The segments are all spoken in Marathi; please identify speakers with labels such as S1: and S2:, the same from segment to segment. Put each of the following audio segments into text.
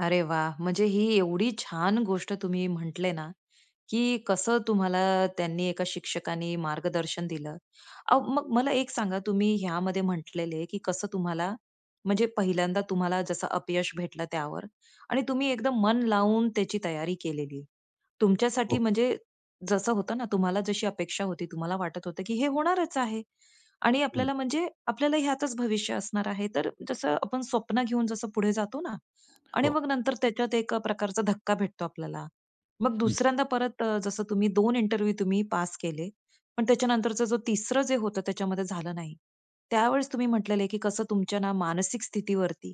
S1: अरे वाह! म्हणजे ही एवढी छान गोष्ट तुम्ही म्हटले ना, की कसं तुम्हाला त्यांनी एका शिक्षकानी मार्गदर्शन दिलं. अहो, मग मला एक सांगा, तुम्ही ह्यामध्ये म्हंटले की कसं तुम्हाला म्हणजे पहिल्यांदा तुम्हाला जसं अपयश भेटलं त्यावर आणि तुम्ही एकदम मन लावून त्याची तयारी केली. तुमच्यासाठी
S2: हो.
S1: म्हणजे जसं होतं ना, तुम्हाला जशी अपेक्षा होती तुम्हाला वाटत होतं की हे होणारच आहे आणि
S2: हं.
S1: आपल्याला म्हणजे आपल्याला ह्यातच भविष्य असणार आहे. तर जसं आपण स्वप्न घेऊन जसं पुढे जातो ना आणि
S2: हो.
S1: मग नंतर त्याच्यात एक प्रकारचा धक्का भेटतो आपल्याला. मग
S2: हं.
S1: दुसऱ्यांदा परत अ, जसं तुम्ही 2 इंटरव्ह्यू तुम्ही पास केले पण त्याच्यानंतरच जो 3रं जे होतं त्याच्यामध्ये झालं नाही. त्यावेळेस तुम्ही म्हंटलेले की कसं तुमच्या ना मानसिक स्थितीवरती,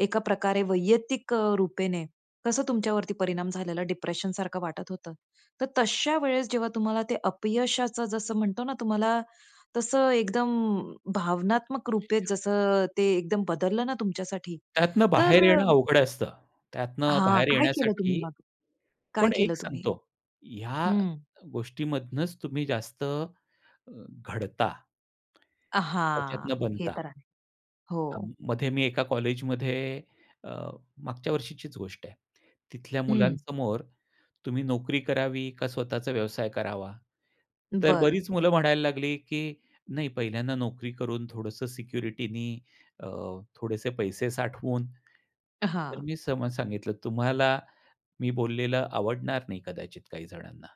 S1: एका प्रकारे वैयक्तिक अ, रूपेने कसं तुमच्यावरती परिणाम झालेला, डिप्रेशन सारखं वाटत होतं. तर तशा वेळेस जेव्हा तुम्हाला ते अपयशाचं जसं म्हणतो ना, तुम्हाला तसं एकदम भावनात्मक रूपे जसं ते एकदम बदललं ना तुमच्यासाठी
S2: त्यातनं
S1: तर
S2: बाहेर येणं अवघड असतं, त्यातनं
S1: हां,
S2: बाहेर
S1: काय केलं तुम्ही
S2: येण्यासाठी
S1: मग? काय
S2: पण
S1: केलं
S2: एक
S1: तुम्ही?
S2: सांगतो ह्या
S1: हं.
S2: गोष्टीमधनंच तुम्ही जास्त अ, घडता.
S1: अहा!
S2: त्याच्यातनं
S1: हे
S2: बनता.
S1: तर आहे, हो.
S2: अं, मध्ये मी एका कॉलेजमध्ये अ, मागच्या वर्षीचीच गोष्ट आहे. तिथल्या
S1: हं.
S2: मुलांसमोर तुम्ही नोकरी करावी का स्वतःचा व्यवसाय करावा? तर
S1: बरं.
S2: बरीच मुलं म्हणायला लागली, की नाही पहिल्यांदा नोकरी करून थोडंसं सिक्युरिटी नी अ, थोडेसे पैसे साठवून तर
S1: हां.
S2: मी सम सांगितलं तुम्हाला मी बोललेलं आवडणार नाही कदाचित काही जणांना.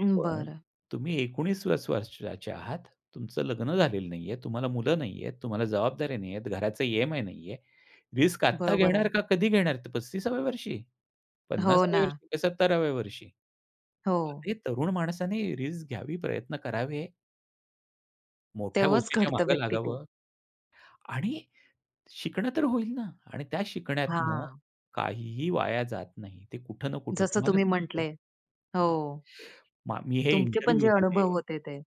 S1: अं,
S2: पण
S1: बरं.
S2: तुम्ही 19 प्लस वर्षाचे आहात, तुमचं लग्न झालेलं नाहीये, तुम्हाला मुलं नाहीयेत, तुम्हाला जबाबदाऱ्या नाहीयेत, घराचे E-M-I नाही आहे. रिस्क आता
S1: बरोबर
S2: घेणार
S1: आहे.
S2: का कधी घेणार? 35व्या वर्षी
S1: हो
S2: 50व्या
S1: ना.
S2: वर्षी का 70व्या वर्षी?
S1: हो.
S2: अरे! तरुण माणसाने रिस्क घ्यावी, प्रयत्न करावे. मोठ्या
S1: तेव्हाच
S2: गोष्टीच्या
S1: घडतं
S2: मागे
S1: व्यक्ती ते.
S2: लागावं. आणि शिकणं तर होईल ना आणि त्या शिकण्यात
S1: हां.
S2: काहीही वाया जात नाही. ते कुठं ना कुठं
S1: जसं
S2: तुम्हाला
S1: तुम्ही
S2: सांगतो
S1: म्हटलंय,
S2: हां
S1: हो.
S2: मा मी हे
S1: तुमचे पण
S2: इंटरव्ह्यू
S1: जे अनुभव
S2: दिले.
S1: होते ते.